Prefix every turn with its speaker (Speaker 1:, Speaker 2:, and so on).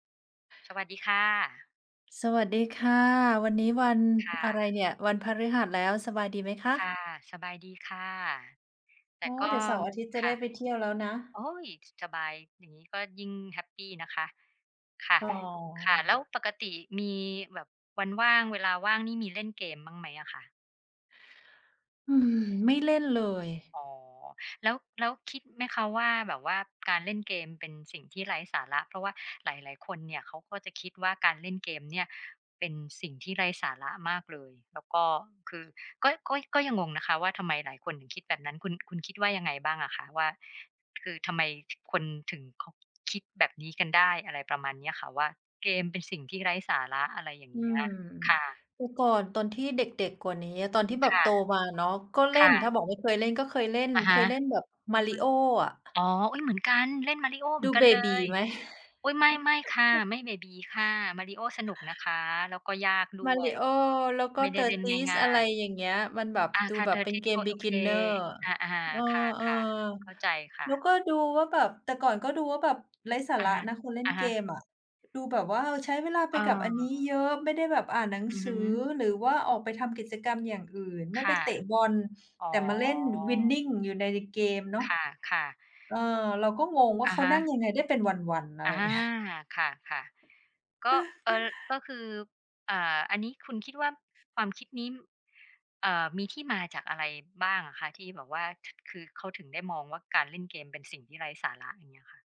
Speaker 1: สวัสดีค่ะ
Speaker 2: สวัสดีค่ะ วันนี้วัน
Speaker 1: ค่
Speaker 2: อะไร
Speaker 1: ะ
Speaker 2: เนี่ย? วันพฤหัสแล้ว สบายดีไหมค
Speaker 1: ค่
Speaker 2: ะ?
Speaker 1: ะ สบายดีค่ะ แ
Speaker 2: โ
Speaker 1: ต
Speaker 2: อ
Speaker 1: ่
Speaker 2: ้
Speaker 1: ก
Speaker 2: เด
Speaker 1: ็
Speaker 2: ี๋ยวเสาร์อาทิตย์จะ
Speaker 1: ค
Speaker 2: ได้
Speaker 1: ่ะ
Speaker 2: ไปเที่ยวแล้วนะ
Speaker 1: โอ๊ย ส สบาย อย่างงี้ก็ยิ่งแฮปปีนะคะ ค่ะ
Speaker 2: อ๋อ
Speaker 1: ค่ะ แล้วปกติมีแบบวันว่าง เวลาว่างนี่มีเล่นเกมบ้างไหมอะคะ?
Speaker 2: อืม ไม่เล่นเลย
Speaker 1: อ๋อ แล้ว แล้วคิดไหมคะว่าแบบว่า การเล่นเกมเป็นสิ่งที่ไร้สาระ? เพราะว่าหลาย ๆ คนเนี่ย เขาก็จะคิดว่าการเล่นเกมเนี่ย เป็นสิ่งที่ไร้สาระมากเลย แล้วก็คือ ก็ ก็ ก็ยังงงนะคะว่า ทำไมหลายคนถึงคิดแบบนั้น คุณ คุณคิดว่ายังไงบ้างอะคะ? ว่าคือทำไม ถ คนถึงเขา คิดแบบนี้กันได้ อะไรประมาณเนี้ยค่ะ ว่าเกมเป็นสิ่งที่ไร้สาระ อะไรอย่าง
Speaker 2: อื
Speaker 1: เงี้ย
Speaker 2: ม
Speaker 1: ค่ะ
Speaker 2: แต่ก่อนตอนที่เด็ก ๆ กว่านี้อะ ตอนที่แบ
Speaker 1: ค
Speaker 2: บ
Speaker 1: ่ะ
Speaker 2: โตมาเนาะ ก็เล
Speaker 1: ค
Speaker 2: ่น
Speaker 1: ่ะ
Speaker 2: ถ้าบอกไม่เคยเล่น ก็เคยเล่น
Speaker 1: อะ
Speaker 2: เ
Speaker 1: ฮ
Speaker 2: ค
Speaker 1: ะ
Speaker 2: ยเล่นแบบ Mario อะ
Speaker 1: อ๋อ อุ้ย เหมือนกัน เล่น Mario เห
Speaker 2: ด
Speaker 1: มื
Speaker 2: ู
Speaker 1: อนกั
Speaker 2: เบ
Speaker 1: นเล
Speaker 2: บี
Speaker 1: ย
Speaker 2: ไหม?
Speaker 1: อุ๊ย ไม่ ไม่ค่ะ ไม่เบบีค่ะ Mario สนุกนะคะ แล้วก็ยากด้วย
Speaker 2: Mario แล้วก
Speaker 1: ไ
Speaker 2: ็
Speaker 1: ม่ได้เล่น
Speaker 2: Tetris
Speaker 1: ง
Speaker 2: อ
Speaker 1: ่
Speaker 2: ะ
Speaker 1: า
Speaker 2: ไร
Speaker 1: ย
Speaker 2: อย่างเงี้ย มันแบบ
Speaker 1: ๆ อ่า
Speaker 2: ดู
Speaker 1: ค่ะ
Speaker 2: แบบเป็นเ
Speaker 1: Tetris
Speaker 2: ก
Speaker 1: โ
Speaker 2: ม
Speaker 1: อ โอเค
Speaker 2: Beginner
Speaker 1: อา
Speaker 2: เออ
Speaker 1: ๆ ค่ะ ๆ เข้าใจค
Speaker 2: ๆ
Speaker 1: ่
Speaker 2: แล
Speaker 1: ะ
Speaker 2: ้วก็ดูว่าแบบ แต่ก่อนก็ดูว่าแบบ ไร้สา
Speaker 1: อ
Speaker 2: ร
Speaker 1: ะ
Speaker 2: ะนะคนเล่นเ
Speaker 1: ฮ
Speaker 2: ก
Speaker 1: ะ ๆ
Speaker 2: มอะ ดูแบบว่าใช้เวลาไ
Speaker 1: เ
Speaker 2: ป
Speaker 1: อ
Speaker 2: กับอั
Speaker 1: อ
Speaker 2: นนี้เยอะ ไม่ได้แบบอ่านหนัง
Speaker 1: อือ
Speaker 2: ส
Speaker 1: ฮ
Speaker 2: ือ
Speaker 1: ึ
Speaker 2: หรือว่าออกไปทำกิจกรรมอย่างอื่น ไม่
Speaker 1: ค
Speaker 2: ไป
Speaker 1: ่ะ
Speaker 2: เตะบอล
Speaker 1: อ๋
Speaker 2: แ
Speaker 1: อ
Speaker 2: ต่มาเล่น Winning อยู่ใน ในเกมเนาะ
Speaker 1: ค่ะ ๆ
Speaker 2: เอ่อ เราก็งงว่า
Speaker 1: อ
Speaker 2: เ
Speaker 1: ะ
Speaker 2: ขา
Speaker 1: ฮ
Speaker 2: นั่
Speaker 1: ะ
Speaker 2: งยังไงได้เป็นวัน ๆ อะไ
Speaker 1: อ
Speaker 2: ร
Speaker 1: า
Speaker 2: อย่าง เงี้ย
Speaker 1: ค่ะ ๆ ก็ เอ่อ ก็คือ อ่า อันนี้คุณคิดว่าความคิดนี้ เอ่อ มีที่มาจากอะไรบ้างอะคะ ที่แบบว่า ถ คือเขาถึงได้มองว่าการเล่นเกมเป็นสิ่งที่ไร้สาระ อย่างเงี้ยค่ะ?